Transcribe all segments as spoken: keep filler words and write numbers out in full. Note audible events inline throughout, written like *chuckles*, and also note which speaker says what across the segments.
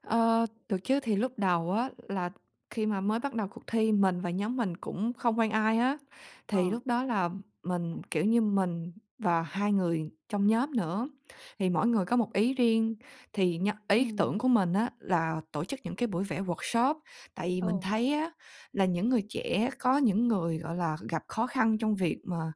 Speaker 1: Ờ, được chứ. Thì lúc đầu á là khi mà mới bắt đầu cuộc thi mình và nhóm mình cũng không quen ai á. Thì
Speaker 2: Ờ.
Speaker 1: lúc đó là mình, kiểu như, mình và hai người trong nhóm nữa, thì mỗi người có một ý riêng. Thì nh ý tưởng
Speaker 2: Ừm.
Speaker 1: của mình á là tổ chức những cái buổi vẽ workshop, tại vì mình
Speaker 2: Ồ.
Speaker 1: thấy á là những người trẻ có những người, gọi là, gặp khó khăn trong việc mà,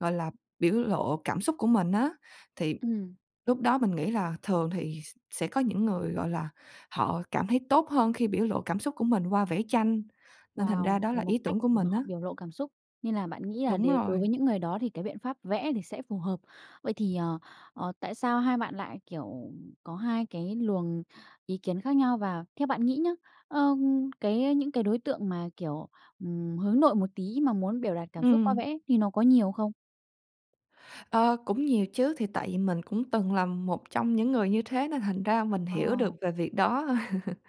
Speaker 1: gọi là, biểu lộ cảm xúc của mình á, thì
Speaker 2: Ừm.
Speaker 1: lúc đó mình nghĩ là thường thì s sẽ có những người, gọi là, họ cảm thấy tốt hơn khi biểu lộ cảm xúc của mình qua vẽ tranh. Nên thành ra
Speaker 2: Wow!
Speaker 1: đó
Speaker 2: Là
Speaker 1: là
Speaker 2: một
Speaker 1: ý
Speaker 2: cách
Speaker 1: tưởng của
Speaker 2: để mà
Speaker 1: mình
Speaker 2: họ
Speaker 1: á.
Speaker 2: biểu lộ cảm xúc. Nên là bạn nghĩ là
Speaker 1: Đúng
Speaker 2: để đối
Speaker 1: rồi.
Speaker 2: với những người đó thì cái biện pháp vẽ thì sẽ phù hợp. Vậy thì, ờ, ờ, tại sao hai bạn lại, kiểu, có hai cái luồng ý kiến khác nhau? Và theo bạn nghĩ nhá, ờ, cái, ơ, những cái đối tượng mà, kiểu, ừm, hướng nội một tí mà muốn biểu đạt cảm xúc qua
Speaker 1: Ừm.
Speaker 2: vẽ thì nó có nhiều không?
Speaker 1: Ờ, cũng nhiều chứ. Thì tại vì mình cũng từng là một trong những người như thế, nên thành ra mình
Speaker 2: Ờ.
Speaker 1: hiểu được về việc đó. *chuckles*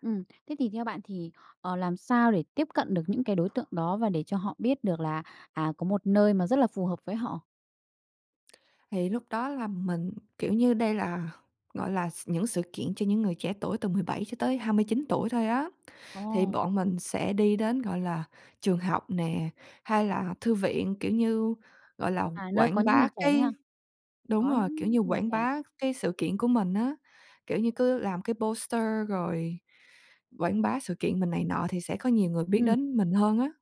Speaker 2: Ừm. Thế thì theo bạn thì, ờ, làm sao để tiếp cận được những cái đối tượng đó và để cho họ biết được là, à, có một nơi mà rất là phù hợp với họ?
Speaker 1: Thì lúc đó là mình, kiểu như, đây là, gọi là, s những sự kiện cho những người trẻ tuổi từ mười bảy cho tới hai mươi chín tuổi thôi á. Thì
Speaker 2: Ồ!
Speaker 1: bọn mình sẽ đi đến, gọi là, trường học nè, hay là thư viện, kiểu như, gọi là,
Speaker 2: À, nơi có
Speaker 1: quảng
Speaker 2: những người
Speaker 1: bá
Speaker 2: trẻ đấy hả?
Speaker 1: cái đúng
Speaker 2: Có
Speaker 1: rồi, kiểu
Speaker 2: những
Speaker 1: như,
Speaker 2: người
Speaker 1: quảng
Speaker 2: trẻ.
Speaker 1: bá cái sự kiện của mình á. Kiểu như, cứ làm cái poster rồi quảng bá sự kiện mình này nọ thì sẽ có nhiều người biết
Speaker 2: Ừm.
Speaker 1: đến mình hơn á.